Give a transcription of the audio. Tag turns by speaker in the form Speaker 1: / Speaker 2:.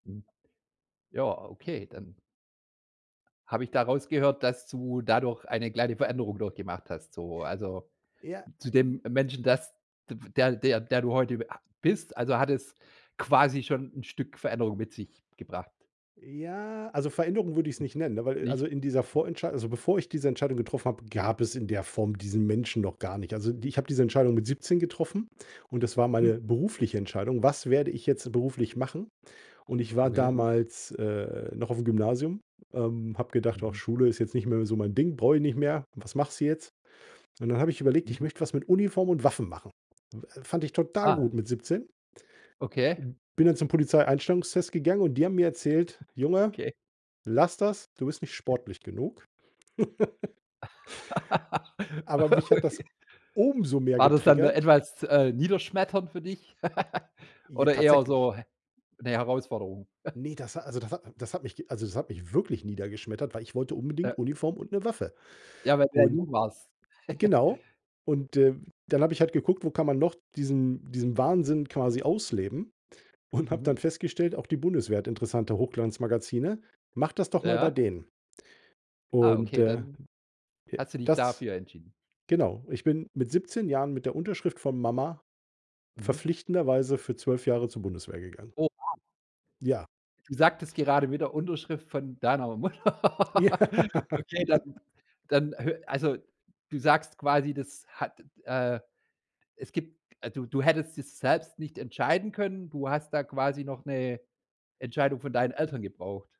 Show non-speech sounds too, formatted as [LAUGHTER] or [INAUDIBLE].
Speaker 1: Hm. Ja, okay, dann habe ich da rausgehört, dass du dadurch eine kleine Veränderung durchgemacht hast. So, also,
Speaker 2: Ja,
Speaker 1: zu dem
Speaker 2: äh
Speaker 1: Menschen, das d f der der der du heute ha bist, also, hat es quasi schon 'n Stück Veränderung mit sich gebracht?
Speaker 2: Ja, also, Veränderung würde ich's
Speaker 1: M
Speaker 2: nicht nennen, ne, weil
Speaker 1: nicht?
Speaker 2: also, in dieser
Speaker 1: Okay.
Speaker 2: Vorentscheid also, bevor ich diese Entscheidung getroffen habe, gab es in der Form diesen Menschen noch gar nicht. Also, ich habe diese Entscheidung mit 17 getroffen, und das war
Speaker 1: Mhm.
Speaker 2: meine berufliche Entscheidung: „Was werde ich jetzt beruflich machen?“ Und ich war
Speaker 1: Okay.
Speaker 2: damals, äh, noch auf'm Gymnasium, ähm, habe gedacht: „Ach
Speaker 1: Mhm.
Speaker 2: Schule ist jetzt nicht mehr so mein Ding, brauche ich nicht mehr. Was machst du jetzt?“ Und dann habe ich überlegt,
Speaker 1: Mhm.
Speaker 2: ich möchte was mit Uniform und Waffen machen. W äh, fand ich total
Speaker 1: Ah.
Speaker 2: gut mit 17.
Speaker 1: Okay.
Speaker 2: M bin dann zum Polizeieinstellungstest gegangen und die haben mir erzählt: „Junge,
Speaker 1: Okay.
Speaker 2: lass das. Du bist nicht sportlich genug.“ [LAUGHS]
Speaker 1: [LAUGHS]
Speaker 2: Aber
Speaker 1: Ah,
Speaker 2: mich hat
Speaker 1: okay.
Speaker 2: das umso mehr
Speaker 1: War das dann, äh,
Speaker 2: getriggert.
Speaker 1: etwas, äh, niederschmetternd für dich [LAUGHS]
Speaker 2: Ja,
Speaker 1: oder eher
Speaker 2: tatsächlich.
Speaker 1: so 'ne Herausforderung? [CHUCKLES]
Speaker 2: Ne, das ha also, das hat das hat mi also, das hat mich wirklich niedergeschmettert, weil ich wollte
Speaker 1: Ja.
Speaker 2: unbedingt Uniform und 'ne Waffe.
Speaker 1: Ja, weil du ja
Speaker 2: Und
Speaker 1: jung warst. [CHUCKLES]
Speaker 2: Genau, und, äh, dann habe ich halt geguckt, wo kann man noch diesen diesen Wahnsinn quasi ausleben? Und habe
Speaker 1: Mhm.
Speaker 2: dann festgestellt, auch die Bundeswehr hat interessante Hochglanzmagazine. Mach das doch mal bei
Speaker 1: Ja?
Speaker 2: denen.
Speaker 1: Ah,
Speaker 2: Und,
Speaker 1: okay,
Speaker 2: äh,
Speaker 1: dann
Speaker 2: ja,
Speaker 1: hast du dich
Speaker 2: das
Speaker 1: dafür entschieden.
Speaker 2: Genau, ich bin mit 17 Jahren mit der Unterschrift von Mama
Speaker 1: Mhm.
Speaker 2: verpflichtenderweise für 12 Jahre zur Bundeswehr gegangen.
Speaker 1: Oh, wow.
Speaker 2: Ja.
Speaker 1: Du sagtest gerade wieder Unterschrift von deiner
Speaker 2: Ja.
Speaker 1: Mutter. Okay, dann dann hö also, du sagst quasi, das hat, äh es gibt also, du du hättest das selbst nicht entscheiden können, du hast da quasi noch 'ne Entscheidung von deinen Eltern gebraucht?